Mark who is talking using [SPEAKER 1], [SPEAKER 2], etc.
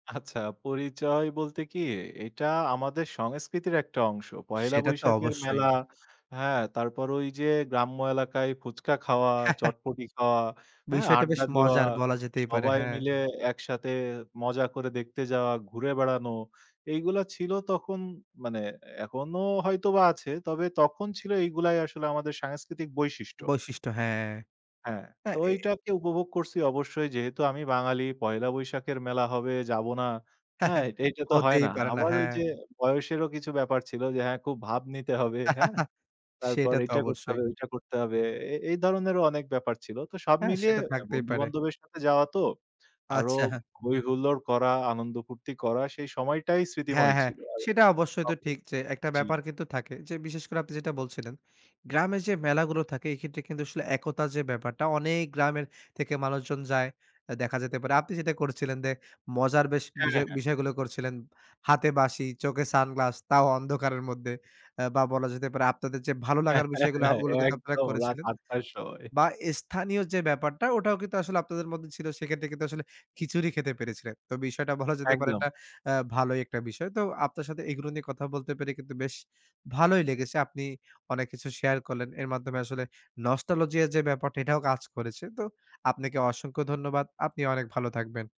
[SPEAKER 1] আচ্ছা, পরিচয় বলতে কি, এটা আমাদের সংস্কৃতির একটা অংশ। পহেলা
[SPEAKER 2] সেটা তো
[SPEAKER 1] বৈশাখের
[SPEAKER 2] অবশ্যই।
[SPEAKER 1] মেলা, হ্যাঁ, তারপর ওই যে গ্রাম্য এলাকায় ফুচকা খাওয়া, চটপটি খাওয়া, হ্যাঁ,
[SPEAKER 2] বিষয়টা বেশ
[SPEAKER 1] আড্ডা দেওয়া,
[SPEAKER 2] মজার, বলা যেতেই পারে,
[SPEAKER 1] সবাই
[SPEAKER 2] হ্যাঁ।
[SPEAKER 1] মিলে একসাথে মজা করে দেখতে যাওয়া, ঘুরে বেড়ানো এইগুলা ছিল তখন। মানে এখনো হয়তোবা আছে, তবে তখন ছিল, এইগুলাই আসলে আমাদের সাংস্কৃতিক বৈশিষ্ট্য।
[SPEAKER 2] বৈশিষ্ট্য হ্যাঁ।
[SPEAKER 1] হ্যাঁ, তো
[SPEAKER 2] হ্যাঁ, এ
[SPEAKER 1] ওইটাকে উপভোগ করছি অবশ্যই। যেহেতু আমি বাঙালি, পহেলা বৈশাখের মেলা হবে, যাব না? হ্যাঁ, এইট এইটা তো হয়
[SPEAKER 2] হতেই
[SPEAKER 1] না।
[SPEAKER 2] পারে না,
[SPEAKER 1] আবার ওই
[SPEAKER 2] হ্যাঁ।
[SPEAKER 1] যে বয়সেরও কিছু ব্যাপার ছিল যে, হ্যাঁ, খুব ভাব নিতে হবে। হ্যাঁ? তারপর
[SPEAKER 2] সেটা তো
[SPEAKER 1] এইটা করতে
[SPEAKER 2] অবশ্যই।
[SPEAKER 1] হবে, ওইটা করতে হবে। এ এই ধরনেরও অনেক ব্যাপার ছিল। তো সব
[SPEAKER 2] হ্যাঁ,
[SPEAKER 1] মিলিয়ে
[SPEAKER 2] সেটা থাকতেই
[SPEAKER 1] বন্ধু
[SPEAKER 2] পারে।
[SPEAKER 1] বান্ধবের সাথে যাওয়া তো, আরো
[SPEAKER 2] আচ্ছা।
[SPEAKER 1] হৈ হুল্লোড় করা, আনন্দ ফূর্তি করা, সেই সময়টাই
[SPEAKER 2] হ্যাঁ,
[SPEAKER 1] স্মৃতিময়
[SPEAKER 2] হ্যাঁ,
[SPEAKER 1] ছিল।
[SPEAKER 2] সেটা অবশ্যই তো
[SPEAKER 1] [unintelligible]
[SPEAKER 2] ঠিক যে, একটা
[SPEAKER 1] জি।
[SPEAKER 2] ব্যাপার কিন্তু থাকে যে, বিশেষ করে আপনি যেটা বলছিলেন গ্রামের যে মেলাগুলো থাকে, এক্ষেত্রে কিন্তু আসলে একতা যে ব্যাপারটা, অনেক গ্রামের থেকে মানুষজন যায়। আ দেখা যেতে পারে, আপনি যেটা করছিলেন যে, মজার বেশ
[SPEAKER 1] হ্যাঁ,
[SPEAKER 2] বিজয়,
[SPEAKER 1] হ্যাঁ।
[SPEAKER 2] বিষয়গুলো করছিলেন, হাতে বাঁশি, চোখে সানগ্লাস, তাও অন্ধকারের মধ্যে। আ বা বলা যেতে পারে, আপনাদের যে ভালো লাগার বিষয়গুলা, ওগুলো কিন্তু আপনারা
[SPEAKER 1] একদম রাত
[SPEAKER 2] করেছিলেন।
[SPEAKER 1] ৮ টায় শো হয়।
[SPEAKER 2] বা স্থানীয় যে ব্যাপারটা, ওটাও কিন্তু আসলে আপনাদের মধ্যে ছিল। সেক্ষেত্রে কিন্তু আসলে খিচুড়ি খেতে পেরেছিলেন। তো বিষয়টা বলা যেতে পারে,
[SPEAKER 1] একদম।
[SPEAKER 2] এটা আ ভালোই একটা বিষয়। তো আপনার সাথে এগুলো নিয়ে কথা বলতে পেরে কিন্তু বেশ ভালোই লেগেছে। আপনি অনেক কিছু শেয়ার করলেন। এর মাধ্যমে আসলে নস্টালজিয়ার যে ব্যাপারটা, এটাও কাজ করেছে। তো আপনাকে অসংখ্য ধন্যবাদ। আপনি অনেক ভালো থাকবেন।